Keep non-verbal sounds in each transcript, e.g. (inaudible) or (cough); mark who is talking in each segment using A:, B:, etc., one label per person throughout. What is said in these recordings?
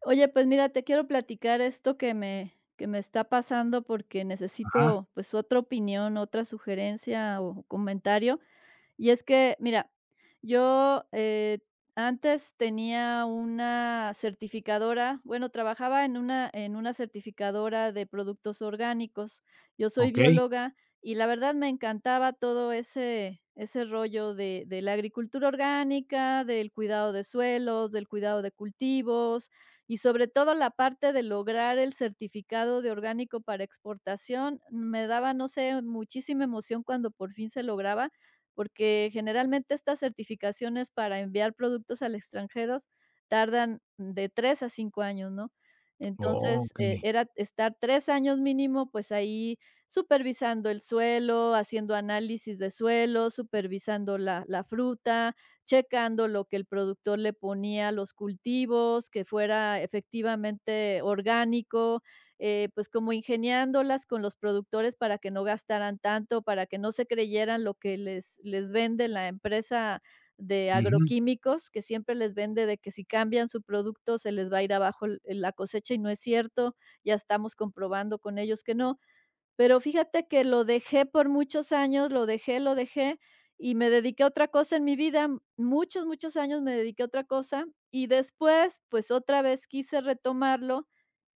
A: Oye, pues mira, te quiero platicar esto que me que me está pasando porque
B: Ajá.
A: necesito pues otra opinión, otra sugerencia o comentario. Y es que mira, yo, eh, antes tenía una certificadora, bueno, trabajaba en una en una certificadora de productos orgánicos, yo soy
B: Okey.
A: bióloga y la verdad, me encantaba todo ese ese rollo de de la agricultura orgánica, del cuidado de suelos, del cuidado de cultivos y sobre todo, la parte de lograr el certificado de orgánico para exportación, me daba, no sé, muchísima emoción cuando por fin se lograba, porque generalmente estas certificaciones para enviar productos al extranjero tardan de 3 a 5 años, ¿no?, entonces, eh,
B: Okey.
A: era estar 3 años mínimo, pues ahí supervisando el suelo, haciendo análisis de suelo, supervisando la la fruta, checando lo que el productor le ponía a los cultivos, que fuera efectivamente orgánico, eh, pues como ingeniándolas con los productores para que no gastaran tanto, para que no se creyeran lo que les les vende la empresa de
B: Ujú.
A: agroquímicos que siempre les vende de que si cambian su producto se les va a ir abajo el la cosecha, y no es cierto, ya estamos comprobando con ellos que no. Pero fíjate que lo dejé por muchos años, lo dejé, lo dejé y me dediqué a otra cosa en mi vida. Muchos, muchos años me dediqué a otra cosa y después, pues otra vez quise retomarlo,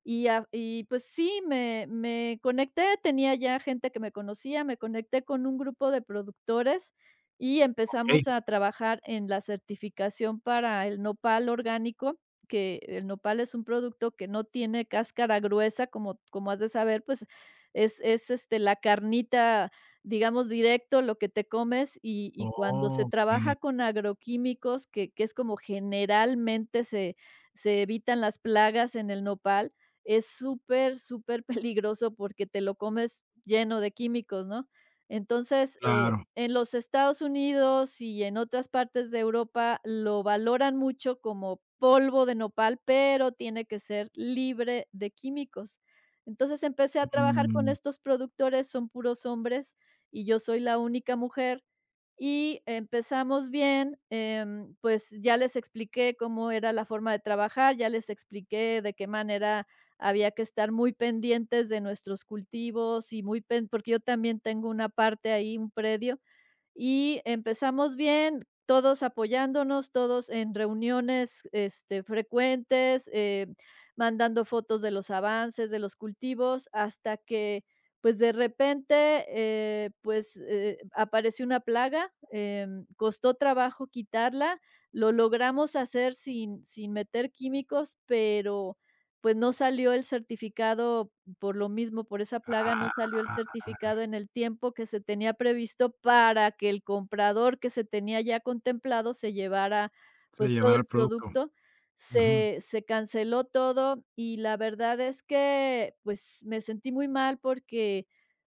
A: y a v y pues sí, me me conecté, tenía ya gente que me conocía, me conecté con un grupo de productores y
B: Okey.
A: empezamos a trabajar en la certificación para el Nopal orgánico, que el Nopal es un producto que no tiene cáscara gruesa como como has de saber, pues es es, este, la carnita, digamos directo lo que te comes, y y cuando se
B: Okey.
A: trabaja con agroquímicos que que es como generalmente se se evitan las plagas en el Nopal, es súper, súper peligroso porque te lo comes lleno de químicos, ¿no?, entonces, eh,
B: Claro.
A: en los Estados Unidos y en otras partes de Europa lo valoran mucho como polvo de Nopal, pero tiene que ser libre de químicos. Entonces empecé a trabajar con
B: Um.
A: estos productores, son puros hombres y yo soy la única mujer, y empezamos bien, em, pues ya les expliqué cómo era la forma de trabajar, ya les expliqué de qué manera había que estar muy pendientes de nuestros cultivos y muy pen porque yo también tengo una parte ahí, un predio, y empezamos bien, todos apoyándonos, todos en reuniones, este, frecuentes, eh, mandando fotos de los avances, de los cultivos, hasta que, pues de repente, eh, pues, eh, apareció una plaga, em, costó trabajo quitarla. Lo logramos hacer sin sin meter químicos, pero pues no salió el certificado, por lo mismo, por esa plaga no
B: Ah.
A: salió el certificado en el tiempo que se tenía previsto, para que el comprador que se tenía ya contemplado se llevara,
B: Se
A: pues todo
B: llevara el
A: el
B: producto.
A: producto.
B: Ujú.
A: Se se canceló todo, y la verdad es que pues me sentí muy mal porque,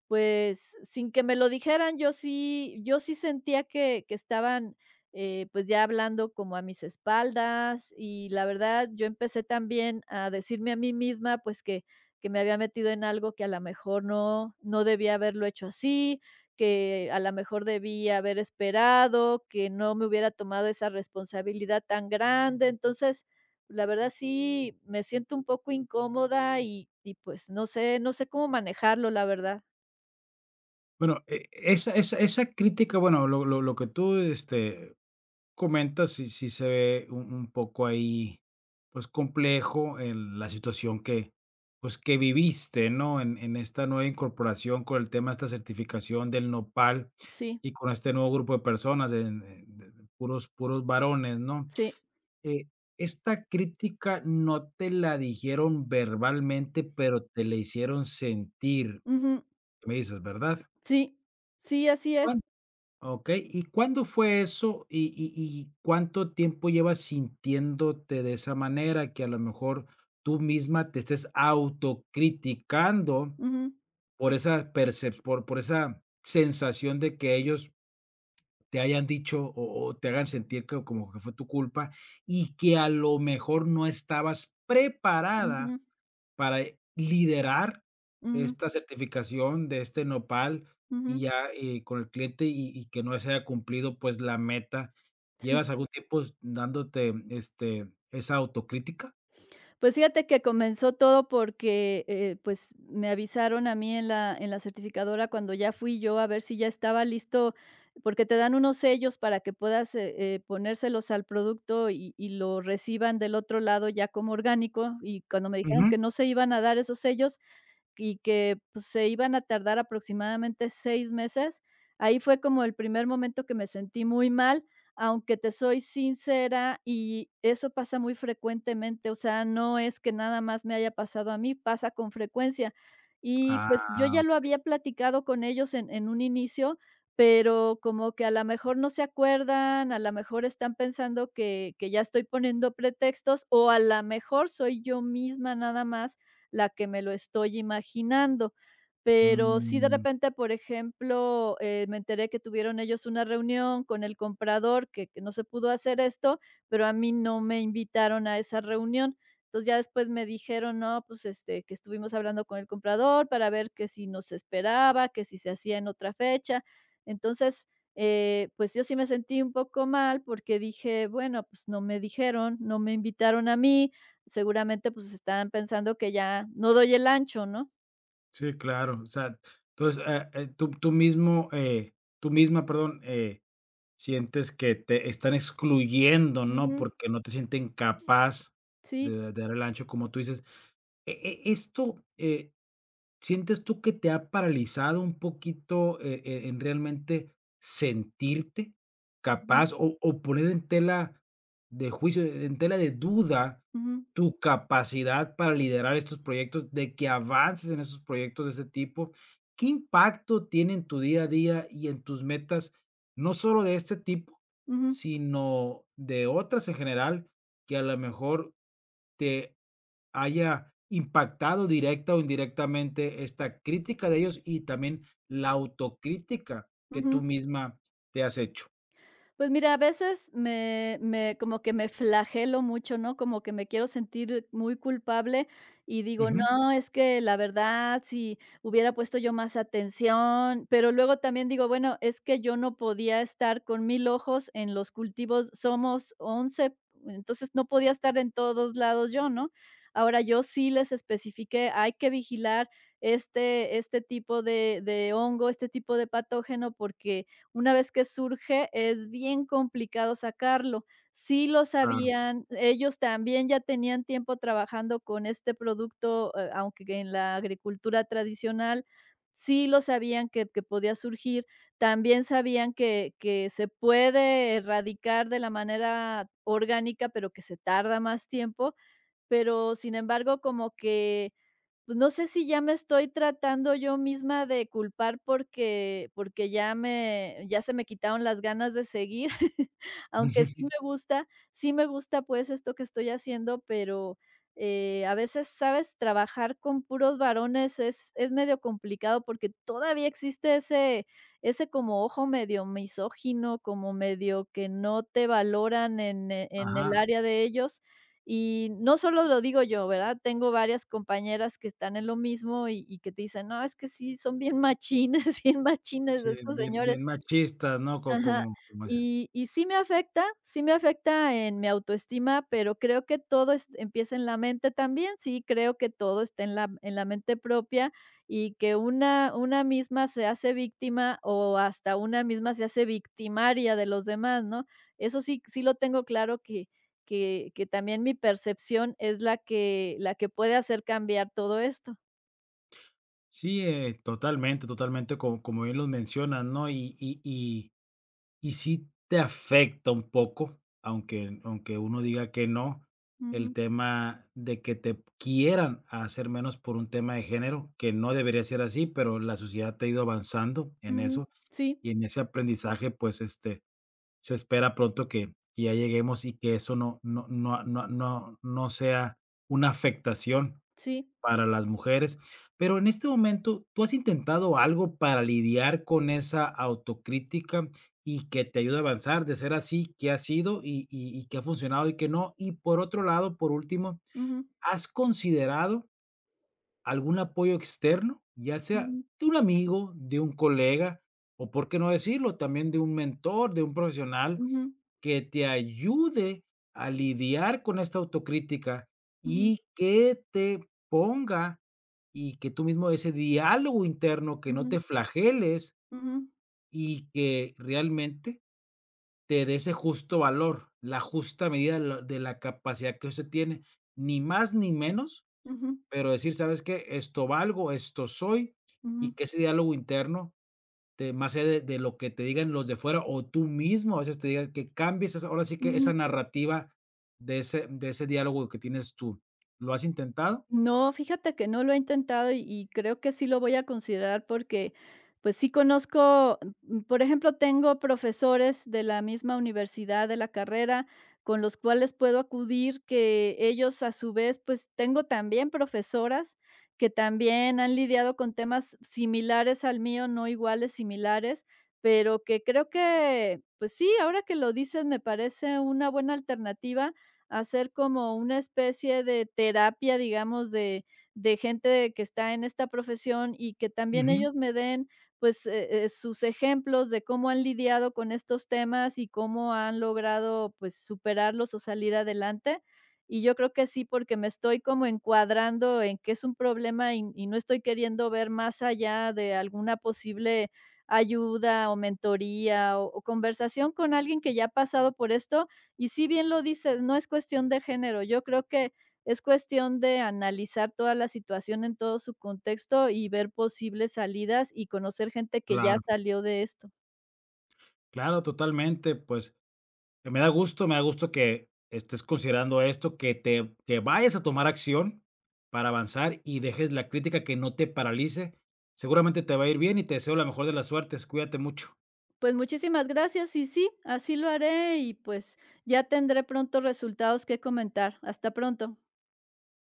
A: pues, sin que me lo dijeran, yo sí yo sí sentía que que estaban, eh, pues ya hablando como a mis espaldas y la verdad, yo empecé también a decirme a mí misma pues que que me había metido en algo que a la mejor no, no debía haberlo hecho así, que a la mejor debí haber esperado, que no me hubiera tomado esa responsabilidad tan grande, entonces, la verdad sí, me siento un poco incómoda y y pues no sé no sé cómo manejarlo, la verdad.
B: Bueno, e esa esa esa crítica, bueno, lo lo lo que tú, este, comentas. Sí sí se ve un un poco ahí, pues, complejo en la situación que, pues, que viviste, ¿no?, en en esta nueva incorporación con el tema de esta certificación del Nopal,
A: Sí.
B: y con este nuevo grupo de personas en en de puros puros varones, ¿no?,
A: Sí.
B: eh, esta crítica no te la dijeron verbalmente, pero te la hicieron sentir,
A: Ujú.
B: me dices, ¿verdad?
A: Sí. Sí, así es.
B: Bueno. Okey, ¿y cuándo fue eso? Y y y, ¿cuánto tiempo llevas sintiéndote de esa manera? Que, a lo mejor, tú misma te estés autocriticando
A: Ujú.
B: por esa percep por por esa sensación de que ellos te hayan dicho o o te hagan sentir que como que fue tu culpa, y que, a lo mejor, no estabas preparada
A: Ujú.
B: para, eh, liderar
A: Ujú.
B: esta certificación de este Nopal, y
A: Ujú.
B: ya, eh, con el cliente y y que no se haya cumplido, pues, la meta,
A: Sí.
B: ¿llevas algún tiempo s dándote, este, esa autocrítica?
A: Pues, fíjate que comenzó todo porque, eh, pues, me avisaron a mí, en la en la certificadora, cuando ya fui yo a ver si ya estaba listo, porque te dan unos sellos para que puedas, eh, eh, ponérselos al producto y y lo reciban del otro lado, ya como orgánico. Y cuando me dijeron
B: Ujú.
A: que no se iban a dar esos sellos y que, pues, se iban a tardar aproximadamente seis meses, ahí fue como el primer momento que me sentí muy mal, aunque, te soy sincera, y eso pasa muy frecuentemente, o sea, no es que nada más me haya pasado a mí, pasa con frecuencia. Y, pues, yo
B: Ah,
A: ya lo
B: okey.
A: había platicado con ellos, en en un inicio, pero como que, a la mejor, no se acuerdan, a la mejor, están pensando que que ya estoy poniendo pretextos o, a la mejor, soy yo misma, nada más, la que me lo estoy imaginando. Pero sí, de
B: Mm.
A: repente, por ejemplo, eh, me enteré que tuvieron ellos una reunión, con el comprador, que que no se pudo hacer esto, pero a mí no me invitaron a esa reunión. Entonces ya después me dijeron: "No, pues, este, que estuvimos hablando con el comprador para ver que si nos esperaba, que si se hacía en otra fecha". Entonces, eh, pues, yo sí me sentí un poco mal porque dije: "Bueno, pues, no me dijeron, no me invitaron a mí". Seguramente, pues, estaban pensando que ya no doy el ancho, ¿no?
B: Sí, claro. O sea, entonces, ah, en tú tú mismo eh, tú misma, perdón, eh, sientes que te están excluyendo, ¿no?
A: Ujú.
B: Porque no te sienten capaz de
A: Sí.
B: de dar el ancho como tú dices, e e esto, eh, ¿sientes tú que te ha paralizado un poquito, eh eh, en realmente sentirte,
A: Ujú.
B: capaz o o poner en tela de juicio, e en tela de duda,
A: Ujú.
B: tu capacidad para liderar estos proyectos de que avances en estos proyectos de este tipo? ¿Qué impacto tiene en tu día a día y en tus metas, no sólo de este tipo,
A: Ujú.
B: sino de otras en general?, que a la mejor te haya impactado directa o indirectamente esta crítica de ellos y también la autocrítica que
A: Ujú.
B: tú misma te has hecho.
A: Pues mira, a veces me me como que me flagelo mucho, ¿no? Como que me quiero sentir muy culpable y digo:
B: Ujú.
A: "No, es que la verdad, si hubiera puesto yo más atención". Pero luego también digo: "Bueno, es que yo no podía estar con 1000 ojos en los cultivos". Somos 11 entonces no podía estar en todos lados yo, ¿no? Ahora yo sí les especifiqué: "Hay que vigilar este este tipo de de hongo, este tipo de patógeno, porque una vez que surge es bien complicado sacarlo". Sí lo
B: Claro.
A: sabían, ellos también ya tenían tiempo trabajando con este producto, eh, aunque en la agricultura tradicional. Sí lo sabían que que podía surgir. También sabían que que se puede erradicar de la manera orgánica, pero que se tarda más tiempo. Pero sin embargo, como que, pues, no sé si ya me estoy tratando yo misma de culpar porque porque ya me, ya se me quitaron las ganas de seguir. (chuckles) Aunque sí
B: Ujú.
A: me gusta. Sí, me gusta pues esto que estoy haciendo, pero, eh, a veces, ¿sabes?, trabajar con puros varones es es medio complicado porque todavía existe ese ese como ojo medio misógino como medio que no te valoran en, eh, en el
B: Ajá.
A: área de ellos y no solo lo digo yo, ¿verdad? Tengo varias compañeras que están en lo mismo y y que te dicen: "No, es que sí son bien machines bien machines
B: Sí,
A: estos
B: bien
A: señores".
B: bien machista, no co
A: Ajá,
B: como como eso.
A: y y sí me afecta. Sí me afecta en mi autoestima, pero creo que todo est empieza en la mente también. Sí, creo que todo esté en la m en la mente propia y que una una misma se hace víctima o hasta una misma se hace victimaria de los demás, ¿no? Eso sí c sí, lo tengo claro que que que también mi percepción es la que la que puede hacer cambiar todo esto.
B: Sí, eh, totalmente, totalmente, co como bien lo mencionas, no y y y y sí te afecta un poco, aunque aunque uno diga que no, el
A: Ujú.
B: tema de que te p quieran hacer menos por un tema de género, que no debería ser así, pero la sociedad ha ido avanzando en
A: Ujú,
B: eso
A: sí.
B: y en ese aprendizaje, pues, este, se espera pronto que que ya lleguemos y que eso no no no a no no no sea una afectación
A: Sí.
B: para las mujeres. Pero en este momento, ¿tú has intentado algo para lidiar con esa autocrítica y que te ayude a avanzar? De ser así, ¿qué ha sido? Y y y, ¿qué ha funcionado y qué no? Y por otro lado, por último,
A: Ujú.
B: ¿has considerado algún apoyo externo? Ya sea,
A: Ujú.
B: de un amigo, de un colega o, ¿por qué no decirlo?, también de un mentor, de un profesional
A: Ujú.
B: que te ayude a lidiar con esta autocrítica
A: Ujú.
B: y que te ponga y que tú mismo ese diálogo interno, que no
A: Ujú.
B: te flageles
A: Ujú.
B: y que realmente te dé ese justo valor, la justa medida de lo de la capacidad que usted tiene. Ni más ni menos.
A: Ujú.
B: Pero decir: "¿Sabes qué? Esto valgo, esto soy", y
A: Ujú.
B: que ese diálogo interno de más allá de de lo que te digan los de fuera o tú mismo, a veces te digas, que cambies. Ahora sí que esa
A: Ujú.
B: narrativa de ese de ese diálogo que tienes tú. ¿Lo has intentado?
A: No, fíjate que no lo he intentado y y creo que sí lo voy a considerar porque, pues, sí, conozco, am, mm, por ejemplo, tengo profesores de la misma universidad de la carrera con los cuales puedo acudir que ellos a su vez, pues, tengo también profesoras que también han lidiado con temas similares al mío, no iguales, similares, pero que creo que, pues, sí, ahora que lo dices, me parece una buena alternativa hacer como una especie de terapia, digamos, de de gente de que está en esta profesión y que también
B: Ujú.
A: ellos me den, pues, eh eh, sus ejemplos de cómo han lidiado con estos temas y cómo han logrado, pues, superarlos o salir adelante. Y yo creo que sí, porque me estoy como encuadrando en que es un problema y n y no estoy queriendo ver más allá de alguna posible ayuda o mentoría o o conversación con alguien que ya ha pasado por esto y, sí, bien lo dices, no es cuestión de género. Yo creo que es cuestión de analizar toda la situación en todo su contexto y ver posibles salidas y conocer gente que ya
B: Claro.
A: salió de esto.
B: Claro, totalmente. Pues, eh, me da gusto. Me da gusto que estés considerando esto, que te que vayas a tomar acción para avanzar y dejes la crítica, que no te paralice. Seguramente te va a ir bien y te deseo la mejor de las suertes. Cuídate mucho.
A: Pues, muchísimas gracias. Y sí, así lo haré y, pues, ya tendré pronto resultados que comentar. Hasta pronto.